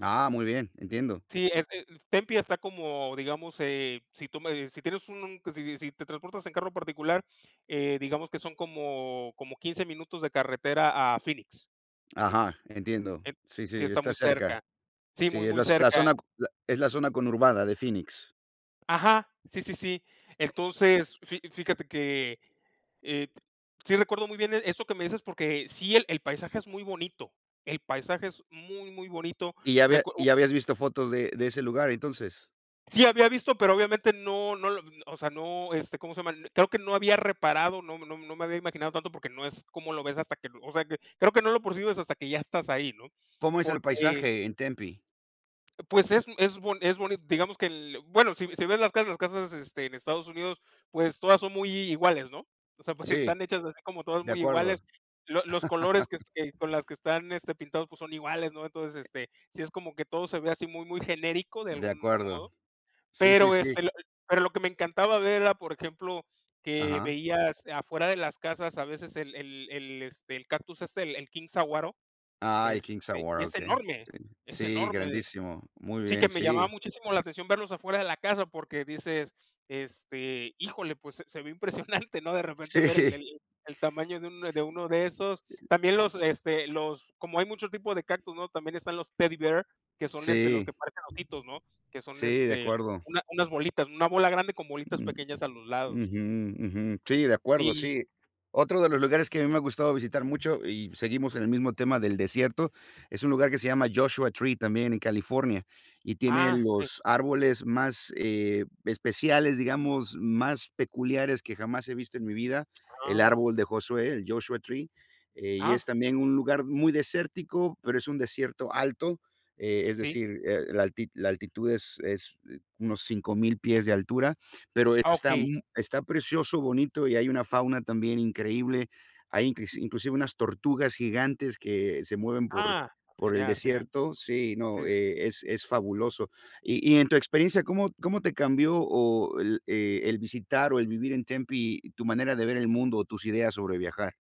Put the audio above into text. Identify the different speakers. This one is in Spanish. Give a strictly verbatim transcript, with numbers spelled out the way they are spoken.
Speaker 1: Ah, muy bien, entiendo.
Speaker 2: Sí, es eh, mm, Tempe está como digamos, eh, si tú me si tienes un si si si te transportas en carro particular, eh, digamos que son como como quince minutos de carretera a Phoenix.
Speaker 1: Ajá, entiendo.
Speaker 2: En
Speaker 1: Sí,
Speaker 2: Sí,
Speaker 1: sí,
Speaker 2: está
Speaker 1: está
Speaker 2: muy cerca.
Speaker 1: cerca.
Speaker 2: Sí,
Speaker 1: Sí,
Speaker 2: muy
Speaker 1: es
Speaker 2: muy
Speaker 1: la zo la
Speaker 2: cerca.
Speaker 1: zona q a es la zona conurbada de Phoenix.
Speaker 2: Ajá, sí, sí, sí. Entonces, fi fíjate que, eh, sí recuerdo muy bien eso que me dices porque sí el el paisaje es muy bonito, el paisaje es muy, muy bonito.
Speaker 1: ¿Y ya había
Speaker 2: Recu
Speaker 1: y ya habías visto fotos de de ese lugar, entonces?
Speaker 2: Sí, había visto, pero obviamente no no lo o sea, no, este, ¿cómo se llama? Creo que no había reparado, no no no me había imaginado tanto porque no es cómo lo ves hasta que o sea, que creo que no lo percibes hasta que ya estás ahí, ¿no?
Speaker 1: ¿Cómo es el
Speaker 2: Porque
Speaker 1: paisaje en Tempe?
Speaker 2: Pues es es bon es boni digamos que el bueno, si si ves las casas las casas, este, en Estados Unidos, pues todas son muy i iguales, ¿no? O sea, pues,
Speaker 1: Sí,
Speaker 2: están hechas así como todas
Speaker 1: de
Speaker 2: muy
Speaker 1: acuerdo.
Speaker 2: iguales, lo los colores que que con las que están, este, pintados, pues son iguales, ¿no? Entonces, este, sí es como que todo se ve así muy muy genérico de
Speaker 1: De
Speaker 2: algún
Speaker 1: acuerdo.
Speaker 2: modo,
Speaker 1: Sí, sí,
Speaker 2: pero,
Speaker 1: sí.
Speaker 2: este, l pero lo que me encantaba ver era, por ejemplo, que
Speaker 1: Ajá.
Speaker 2: veías afuera de las casas a veces el el el, este, el cactus este, el king saguaro,
Speaker 1: Ay, el king
Speaker 2: este, y
Speaker 1: saguaro,
Speaker 2: es
Speaker 1: okey.
Speaker 2: enorme,
Speaker 1: Sí
Speaker 2: es
Speaker 1: sí,
Speaker 2: enorme.
Speaker 1: grandísimo, muy
Speaker 2: Sí que
Speaker 1: bien,
Speaker 2: me llamaba
Speaker 1: sí.
Speaker 2: muchísimo la atención verlos afuera de la casa porque dices, este: "Híjole, pues se se ve impresionante", ¿no? De repente ver
Speaker 1: Sí.
Speaker 2: el el tamaño de un de
Speaker 1: S
Speaker 2: uno de esos. También los, este, los como hay muchos tipos de cactus, ¿no? También están los Teddy Bear, que son, este, los
Speaker 1: Sí.
Speaker 2: que parecen ositos, ¿no? Que son,
Speaker 1: Sí, de
Speaker 2: este,
Speaker 1: acuerdo.
Speaker 2: una unas bolitas, una bola grande con bolitas
Speaker 1: Mm,
Speaker 2: pequeñas a los lados.
Speaker 1: ujú. Ujú. Sí, de acuerdo,
Speaker 2: Sí.
Speaker 1: sí. Otro de los lugares que a mí me gustaba visitar mucho, y seguimos en el mismo tema del desierto, es un lugar que se llama Joshua Tree, también en California, y tiene
Speaker 2: Ah, okey.
Speaker 1: los árboles más, eh, especiales, digamos, más peculiares que jamás he visto en mi vida, el
Speaker 2: Ah.
Speaker 1: árbol de Josué, el Joshua Tree, eh, y
Speaker 2: Ah.
Speaker 1: es también un lugar muy desértico, pero es un desierto alto, eh, es
Speaker 2: Sí.
Speaker 1: decir, eh, la alti la altitud es es eh, unos cinco mil pies de altura, pero
Speaker 2: Ah,
Speaker 1: está
Speaker 2: okey.
Speaker 1: mu
Speaker 2: Si.
Speaker 1: está precioso, bonito y hay una fauna también increíble. Hay incles inclusive unas tortugas gigantes que se mueven por
Speaker 2: Ah,
Speaker 1: por el
Speaker 2: genial, genial.
Speaker 1: desierto. Sí,
Speaker 2: Sí,
Speaker 1: no,
Speaker 2: sí, sí.
Speaker 1: eh, es es fabuloso. Y y en tu experiencia, ¿cómo cómo te cambió o el eh, el visitar o el vivir en Tempe tu manera de ver el mundo o tus ideas sobre viajar?